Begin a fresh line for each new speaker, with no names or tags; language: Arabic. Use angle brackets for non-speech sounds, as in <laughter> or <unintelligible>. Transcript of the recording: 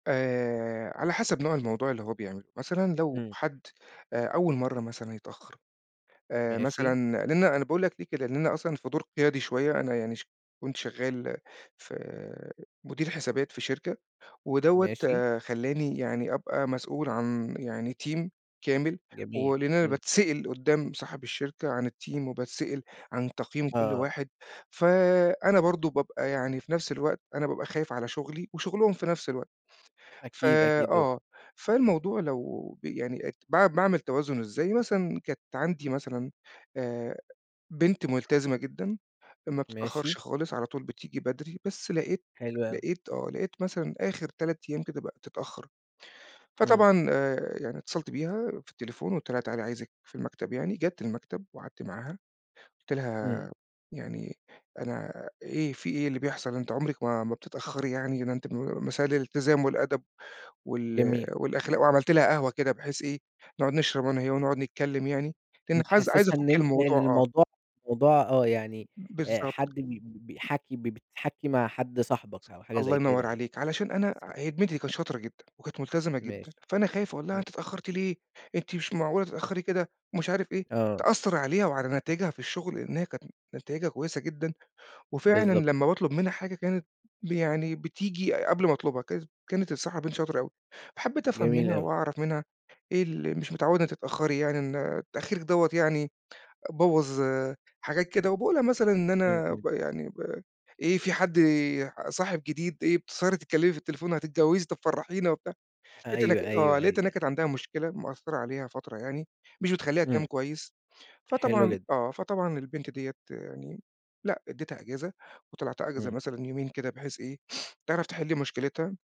آآ، على حسب نوع الموضوع اللي هو بيعمله مثلًا، لو
امم.
حد آآ، أول مرّة مثلًا يتأخّر، آآ،
ماشي.
مثلًا لأن أنا باقول لَك ليه كده، لإن أنا أصلًا في دور قيادي شوية، أنا يعني ش كنت شغال في آآ، مدير حسابات في شركة، ودوّة
ماشي.
آآ، خلاني يعني أبقى مسؤول عن يعني تيم كامل،
جميل،
ولأن أنا
امم.
باتسأل قدّام صاحب الشركة عن التيم وباتسأل عن تقييم كُل
آه.
واحد، فأنا برضه بابقى يعني في نفس الوقت أنا بابقى خايِف على شُغلي وشُغلهم في نفس الوقت، ف
أكيد، أكيد، و
آه، فالموضوع لو ب يعني باع باعمل توازن إزاي مثلًا. كانت عندي مثلًا آآ، بنت مُلتزِمة
<unintelligible>
جدًا، ما
ماشي.
بتتأخرِش خالص، على طول بتيجي بدري، بس لقيت
حلو أوي.
لقيت آه، لقيت مثلًا آخر 3 أيام كده بقِت تتأخر.
امم.
فطبعًا آآ، يعني اتصلت بيها في التليفون وقُلت لها تعالي عايِزِك في المكتب، يعني جات المكتب وقعدت معاها، قُلت
امم.
لها يعني أنا إيه فيه إيه اللي بيحصل؟ أنتِ عمرك ما ما بتتأخري يعني، ده أنتِ <unintelligible> مثال الالتزام والأدب وال
جميل.
والأخلاق، وعملت لها قهوة كده بحيث إيه نقعد نشرب أنا وهي ونقعد نتكلّم يعني، لأن حز عايِز
بتحسسها إن
أفُكّ
أنت إن
الموضوع آه.
الموضوع موضوع آه، يعني آآ،
بالضبط.
حد بي بي
<unintelligible>
بيحَكي ب بتحَكي مع حد صاحبك أو حاجة
الله
زي كده
ينور
يعني،
عليك، علشان أنا هي
بالضبط.
البنت دي كانت شاطرة جدًا وكانت مُلتزمة جدًا،
ماشي.
فأنا خايِف أقول لها
امم.
أنتِ اتأخرتِ ليه، أنتِ مش معقولة تتأخري كده مش عارِف إيه،
آه.
تأثر عليها وعلى نتايجها في الشغل، لأن هي كانت نتايجها كويسة جدًا. وفعلًا
بالضبط.
لمّا باطلب منها حاجة كانت ب يعني بتيجي أ قبل ما أطلبها، ك كانت الصراحة بنت شاطرة أوي. حبّيت أفهم
جميل
منها
أوي.
وأعرِف منها إيه ال مش متعودة تتأخري يعني، إن تأخيرك ده يعني بوّظ آآ، حاجات كده. وباقول لها مثلًا إن
امم،
أنا
امم
ب
طبعًا.
يعني ب إيه فيه حد صاحب جديد، إيه بتسهري تتكلّمي في التليفون، هتتجوزي طب فرحينا وبتاع. لقيت إن
أيوه أيوه
آه،
أيوه،
لقيت إن هي
أيوه.
كانت عندها مشكلة مأثرة عليها فترة يعني مش بتخليها تنام
امم.
كويس،
حلو
فطبعًا
جدًا.
آه، فطبعًا البنت دي يعني لأ اديتها إجازة وطلعتها إجازة
امم.
مثلًا يومين كده بحيث إيه؟ تعرف تحل مشكلتها.